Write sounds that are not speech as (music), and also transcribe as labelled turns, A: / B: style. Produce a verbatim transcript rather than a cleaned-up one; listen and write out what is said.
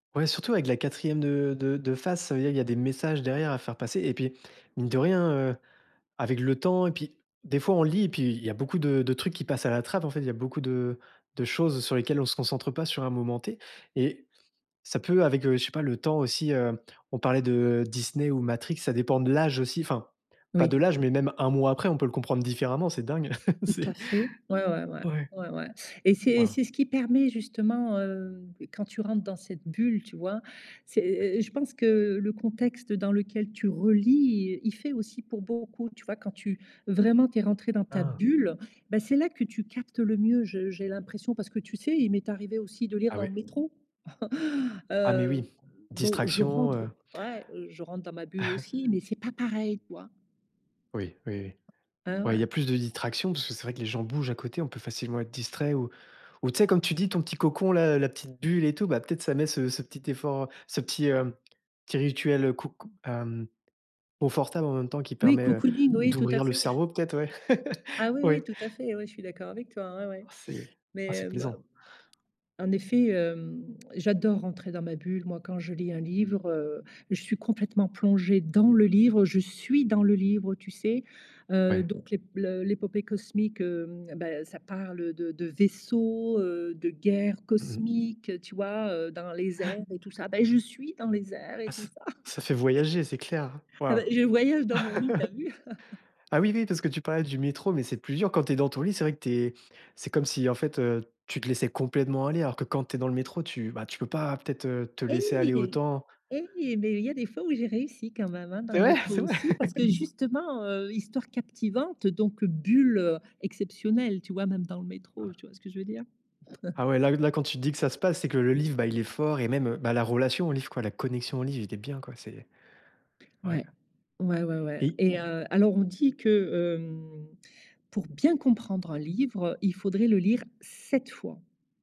A: Ouais, surtout avec de la quatrième de de de face, ça veut dire il y a des messages derrière à faire passer et puis, mine de rien, heu, avec le temps et puis des fois on lit et puis il y a beaucoup de de trucs qui passent à la trappe, en fait. Il y a beaucoup de de choses sur lesquelles on se concentre pas sur un moment T et ça peut, avec, je sais pas, le temps aussi heu, on parlait de Disney ou Matrix ça dépend de l'âge aussi. Enfin, pas
B: Oui.
A: de l'âge, mais même un mois après, on peut le comprendre différemment. C'est dingue. (laughs)
B: Tout à
A: C'est
B: fait. Ouais ouais ouais
A: ouais
B: ouais ouais, et c'est et
A: Waouh.
B: c'est ce qui permet, justement, heu, quand tu rentres dans cette bulle, tu vois. C'est é é je pense que le contexte dans lequel tu relis, i il fait aussi pour beaucoup. Tu vois, quand tu vraiment, tu es rentré dans ta
A: Hein.
B: bulle, bah, c'est là que tu captes le mieux. Je j'ai l'impression, parce que, tu sais, il m'est arrivé aussi de lire
A: Ah
B: dans
A: ouais.
B: le métro. (chuckles)
A: Ah mais
B: Heu,
A: oui,
B: bon, je
A: distraction, heu.
B: rentre ouais, je rentre dans ma bulle aussi
A: (chuckles)
B: mais c'est pas pareil, quoi.
A: Oui, oui oui,
B: Eh
A: ouais il y
B: ouais.
A: a plus de distractions parce que c'est vrai que les gens bougent à côté. On peut facilement être distrait ou ou, tu sais, comme tu dis, ton petit cocon, là, la petite bulle et tout, bah peut-être ça met ce ce petit effort, heu, ce petit heu, petit rituel coco hem, confortable, en même temps, qui
B: Oui,
A: permet, heu,
B: cocooning, oui, tout à
A: d'ouvrir le
B: fait. (chuckles)
A: cerveau, peut-être, ouais. (laughs)
B: Ah oui
A: Oui.
B: oui, tout à fait, oui, je suis d'accord avec toi, ou ais, ouais,
A: C'est ah, c'est
B: mais bah,
A: plaisant.
B: en effet, hem, j'adore rentrer dans ma bulle, moi, quand je lis un livre. Heu, je suis complètement plongée dans le livre, je suis dans le livre, tu sais, heu,
A: Ouais.
B: donc le l'épopée cosmique, heu, ben, ça parle, heu, de de vaisseaux, heu, de guerres
A: Mmh mh.
B: cosmiques, tu vois, heu, dans les
A: Ouais.
B: airs et tout ça, Bah, je suis dans les airs et
A: Ah
B: tout
A: ça
B: ça.
A: ça fait
B: (chuckles)
A: voyager, c'est clair.
B: Ah bah,
A: Waouh.
B: je voyage dans mon lit, tu as
A: (laughs)
B: vu? (chuckles)
A: Ah oui oui, parce que tu parlais du métro, mais c'est plus dur quand tu es dans ton lit. C'est vrai que tu es c'est comme si, en fait, tu te laissais complètement aller, alors que, quand tu es dans le métro, tu bah, tu peux pas, peut-être, te te laisser aller
B: Et
A: autant.
B: et mais il y a des fois où j'ai réussi quand même, hein, dans
A: Cest
B: le
A: vrai?
B: métro
A: C'est vrai?
B: aussi parce que,
A: (laughs)
B: justement, heu, histoire captivante, donc bulle, heu, exceptionnelle, tu vois. Même dans le métro,
A: (unintelligible)
B: tu vois, ce que je veux dire?
A: Ah ouai.
B: (chuckles)
A: Là là, quand tu dis que ça se passe, c'est que le livre, bah, il est fort et même, bah, la relation au livre, quoi, la connexion au livre, il est bien, quoi. C'est ouais.
B: Ouais. Ouais, ouais, ouais
A: Et i
B: et heu, alors, on dit que, hem, pour bien comprendre un livre, il faudrait le lire sept fois.